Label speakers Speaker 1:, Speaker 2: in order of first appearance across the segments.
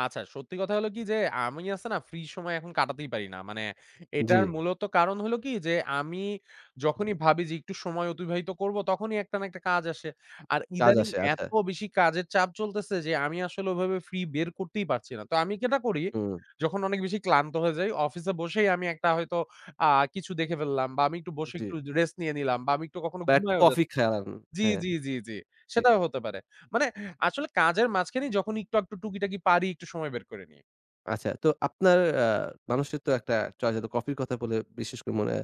Speaker 1: আচ্ছা সত্যি কথা হলো কি যে, আমি আছে না ফ্রি সময় এখন কাটাতেই পারি না। মানে এটার
Speaker 2: জ্বী।
Speaker 1: মূলত কারণ হইল কি? যে আমি যখনই ভাবি যে, "একটু সময় অতিবাহিত করবো।" তখনই একটা না একটা কাজ আসে। আর
Speaker 2: কাজ
Speaker 1: ইদানিং
Speaker 2: আসে, আচ্ছা।
Speaker 1: এত বেশি কাজের চাপ চলতেছে যে আমি আসলে ওইভাবে ফ্রি বের করতেই পারছি না! তা আমি যেটা করি,
Speaker 2: হুম।
Speaker 1: যখন অনেক বেশি ক্লান্ত হয়ে যাই অফিসে বসেই আমি একটা হয়তো আ কিছু দেখে ফেললাম বা আমি একটু বসে
Speaker 2: জ্বী।
Speaker 1: একটু যে রেস্ট নিয়ে নিলাম বা আমি একটু কখনো
Speaker 2: বা একটু
Speaker 1: ঘুমাইও যা
Speaker 2: কফি খান
Speaker 1: জ্বী,
Speaker 2: হ্যাঁ।
Speaker 1: জ্বী, জ্বী, জ্বী।
Speaker 2: জ্বী।
Speaker 1: সেটাও হতে পারে। মানে আসলে কাজের মাঝখানে যখন একটু-আকটু টুকিটাকি পারি একটু সময় বের করেনি।
Speaker 2: আচ্ছা তো আপনার আ মানুষের তো একটা চয়েস এত কফির কথা বলে বিশেষ করে মনে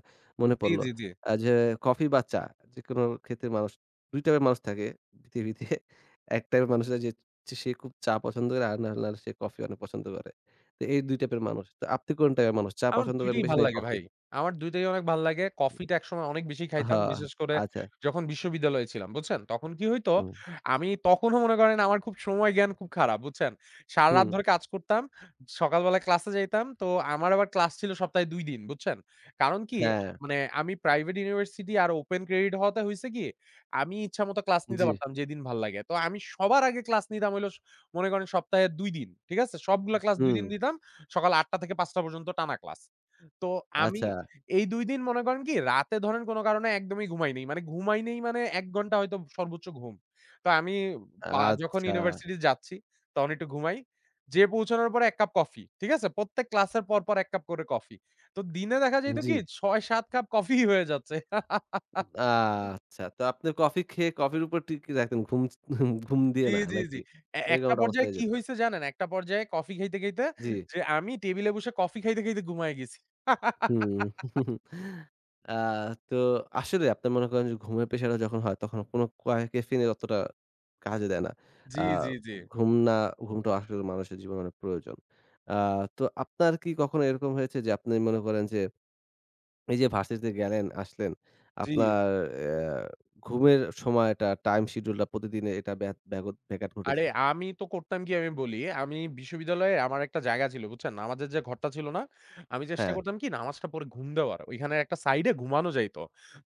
Speaker 2: মনে
Speaker 1: জ্বী,
Speaker 2: পড়ল।
Speaker 1: জ্বী, জ্বী।
Speaker 2: আ যে কফি বা চা, যে কোন ক্ষেত্রে মানুষ ২ টাইপের মানুষ থাকে, পৃথিবীতে ১ টাইপের মানুষ হল যে সে খুব চা পছন্দ করে আর নাহলে আর সে কফি অনেক পছন্দ করে। তো এই ২ টাইপের মানুষ। আপনি কোন টাইপের মানুষ চা
Speaker 1: আমার
Speaker 2: পছন্দ
Speaker 1: ২
Speaker 2: করেন
Speaker 1: টিই
Speaker 2: বেশি
Speaker 1: ভাল
Speaker 2: নাকি
Speaker 1: লাগে ভাই
Speaker 2: কফি?
Speaker 1: আমার ২ টাই অনেক ভাল্লাগে। কফিটা একসময় অনেক বেশি
Speaker 2: আহ,
Speaker 1: খাইতাম, বিশেষ করে
Speaker 2: আচ্ছা।
Speaker 1: যখন বিশ্ববিদ্যালয়ে ছিলাম, বুঝছেন? তখন কি হইতো?
Speaker 2: হু।
Speaker 1: আমি তখনও মনে করেন আমার খুব সময় জ্ঞান খুব খারাপ বুঝছেন? সারারাত
Speaker 2: হু।
Speaker 1: ধরে কাজ করতাম। সকাল বেলায় ক্লাসে যাইতাম। তো আমার আবার ক্লাস ছিল সপ্তাহে ২ দিন, বুঝছেন? কারণ কি
Speaker 2: হ্যাঁ।
Speaker 1: মানে আমি প্রাইভেট ইউনিভার্সিটি আর open credit হওয়াতে হইছে কি? আমি ইচ্ছামত ক্লাস নিতে
Speaker 2: জ্বী।
Speaker 1: পারতাম যেদিন ভাল্লাগে। তো আমি সবার আগে ক্লাস নিতাম হইল স মনে করেন সপ্তাহে ২ দিন, ঠিক আছে? সবগুলো ক্লাস ২ দিন
Speaker 2: হু।
Speaker 1: দিতাম। সকাল ৮ঃ০০ টা থেকে ৫ঃ০০ টা পর্যন্ত টানা ক্লাস। তো আমি
Speaker 2: আচ্ছা।
Speaker 1: এই ২ দিন মনে করেন কি রাতে ধরেন কোন কারণে একদমই ঘুমাইনি। মানে ঘুমাই নেই মানে ১ ঘন্টা হয়তো সর্বোচ্চ ঘুম। তা আমি উম বা যখন
Speaker 2: আচ্ছা!
Speaker 1: ইউনিভার্সিটি যাচ্ছি, তখন একটু ঘুমাই। যেয়ে পৌঁছানোর পর এক কাপ কফি, ঠিক আছে? প্রত্যেক ক্লাসের পর, পর এক কাপ করে কফি। তো দিনে দেখা যাইতো
Speaker 2: জ্বী।
Speaker 1: কি ৬-৭ কাপ কফিই হয়ে যাচ্ছে।
Speaker 2: উম আচ্ছা! তো আপনার কফি খেয়ে কফির উপর টিকে রাখতেন। ঘুম ছ ঘুম দিয়ে
Speaker 1: জ্বী,
Speaker 2: না
Speaker 1: জ্বী,
Speaker 2: নাকি?
Speaker 1: জ্বী। এ
Speaker 2: এরকম
Speaker 1: একটা
Speaker 2: একটা অবস্থা
Speaker 1: পর্যায়ে
Speaker 2: হয়ে
Speaker 1: কি
Speaker 2: যেত।
Speaker 1: হইছে জানেন? একটা পর্যায়ে কফি খাইতে, খাইতে
Speaker 2: জ্বী।
Speaker 1: যে আমি টেবল এ বসে কফি খাইতে, খাইতে ঘুমায়ে গেছি।
Speaker 2: আ তো আসলে আপনার মনে করেন যে ঘুমের প্রেশারে যখন হয় তখন কোন কয়া ক্যাফেইন এ অতটা কাজে দেয় না। আ
Speaker 1: জ্বী, জ্বী, জ্বী।
Speaker 2: ঘুম না ঘুমটা আসলে মানুষের জীবনে অনেক প্রয়োজন। আ তো আপনার কি কখনো এরকম হয়েছে যে আপনি মনে করেন যে, এই যে ভার্সিটি তে গেলেন আসলেন
Speaker 1: জ্বী।
Speaker 2: আপনার আ ঘুমের সময়টা টাইম-শিডিউল টা প্রতিদিনে এটা বেত বেঘত ব্যাঘাত
Speaker 1: আরে
Speaker 2: ঘটেছে।
Speaker 1: আমি তো করতাম কি আমি বলি, আমি বিশ্ববিদ্যালয়ে আমার একটা জায়গা ছিল, বুঝছেন? নামাজের যে ঘরটা ছিল না? আমি চেষ্টা
Speaker 2: হ্যাঁ।
Speaker 1: করতাম কি নামাজটা পড়ে ঘুম দেওয়ার। ঐখানে একটা সাইডে ঘুমানো যাইত।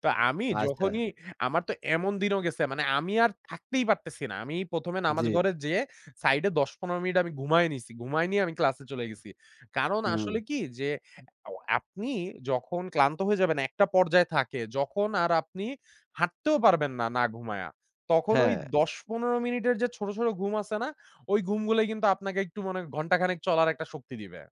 Speaker 1: তো আমি
Speaker 2: আচ্ছা।
Speaker 1: যখনই আমার তো এমন দিনও গেছে মানে আমি আর থাকতেই পারতেছি না। আমি ১ম এ নামাজ
Speaker 2: জ্বী।
Speaker 1: ঘরে যেয়ে, সাইডে ১০-১৫ মিনিট আমি ঘুমায় নিছি। ঘুমায় নিয়ে আমি ক্লাসে চলে গেছি। কারণ আসলে
Speaker 2: হু।
Speaker 1: কি যে অ্যা আপনি যখন ক্লান্ত হয়ে যাবেন একটা পর্যায়ে থাকে যখন আর আপনি হাঁটতেও পারবেন না, না ঘুমায়া। তখন ওই
Speaker 2: হ্যাঁ।
Speaker 1: ১০-১৫ মিনিটের যে ছোট, ছোট ঘুম আছে না? ঐ ঘুমগুলাই কিন্তু আপনাকে একটু মনে ঘন্টাখানেক চলার একটা শক্তি দিবে।